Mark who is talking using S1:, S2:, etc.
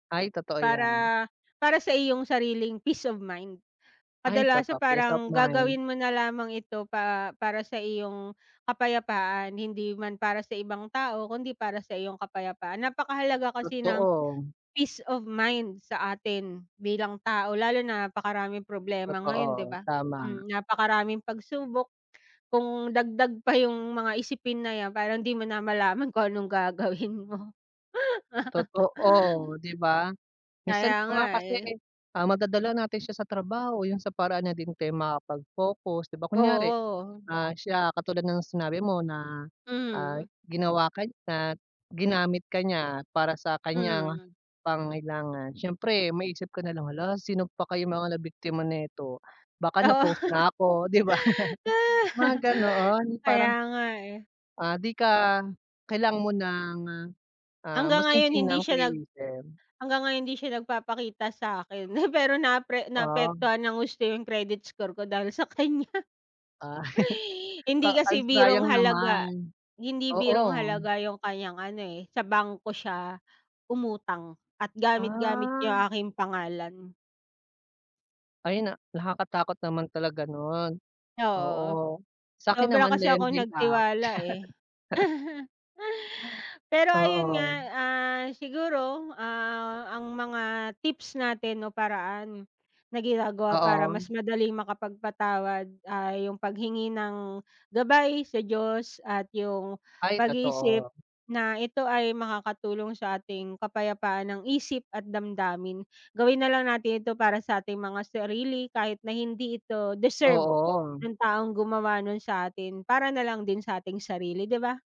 S1: Ay, totoo ‘yan.
S2: Para para sa iyong sariling peace of mind,
S1: Ay,
S2: kadalasan
S1: totoo. Peace of
S2: parang gagawin
S1: mind.
S2: mo na lamang ito pa para sa iyong kapayapaan. Hindi man para sa ibang tao, kung ‘di para sa iyong kapayapaan. Napakahalaga kasi ng
S1: Totoo.
S2: peace of mind sa atin bilang tao, lalo na napakaraming problema ngayon 'di
S1: Totoo,
S2: ba.
S1: tama.
S2: Mm, napakaraming pagsubok kung dagdag pa yung mga isipin na ‘yan, parang ‘di mo na malaman kung anong gagawin mo.
S1: Totoo, ‘di ba?
S2: Kaya
S1: Minsan pa
S2: nga
S1: nga kasi,
S2: eh.
S1: ah, madadala natin siya sa trabaho. Yung sa paraan niya din kayo makakapag focus 'di ba? Kunyari,
S2: Oo.
S1: ah, siya katulad ng sinabi mo na, ah,
S2: Mhm.
S1: ginawa ka niya, ginamit ka niya para sa kaniyang
S2: Mm.
S1: pangangailangan. Siyempre maisip ko nalang, “Hala, wala sino pa kayang mga nabiktima nito.” Baka
S2: Oo.
S1: na-post na ako, 'di ba? Mga gano'n,
S2: Kaya
S1: parang
S2: nga eh.
S1: ah, di ka kailangan mo ng, ah, ah,
S2: Hanggang ngayon hindi
S1: masinsinang
S2: siya nag
S1: pag-iisip.
S2: hanggang ngayon hindi siya nagpapakita sa’kin, pero naapre
S1: Ah.
S2: naapektuhan nang husto yung credit score ko dahil sa kaniya.
S1: Ah.
S2: Hindi
S1: Ah, ay
S2: kasi birong
S1: sayang
S2: halaga
S1: naman.
S2: hindi birong
S1: Oo.
S2: halaga yung kanyang ano eh, sa bangko siya umutang at gamit-gamit yung
S1: Ah.
S2: aking pangalan.
S1: Ay na nakakatakot naman talaga nun,
S2: Oo,
S1: oo. Sa’kin
S2: sobra
S1: naman
S2: kasi akong
S1: lending app.
S2: nagtiwala eh. Pero ayun nga,
S1: Oo.
S2: ah, siguro, ah, ang mga tips natin o paraan na ginagawa para
S1: Oo.
S2: mas madaling makapagpatawad ay yung paghingi ng gabay sa Diyos at yung
S1: Ay,
S2: pag-iisip
S1: totoo.
S2: na ito ay makakatulong sa ating kapayapaan ng isip at damdamin. Gawin nalang natin ito para sa ating mga sarili kahit na hindi ito deserve
S1: Oo.
S2: nung taong gumawa nun saatin para nalang din sa ating sarili, 'di ba.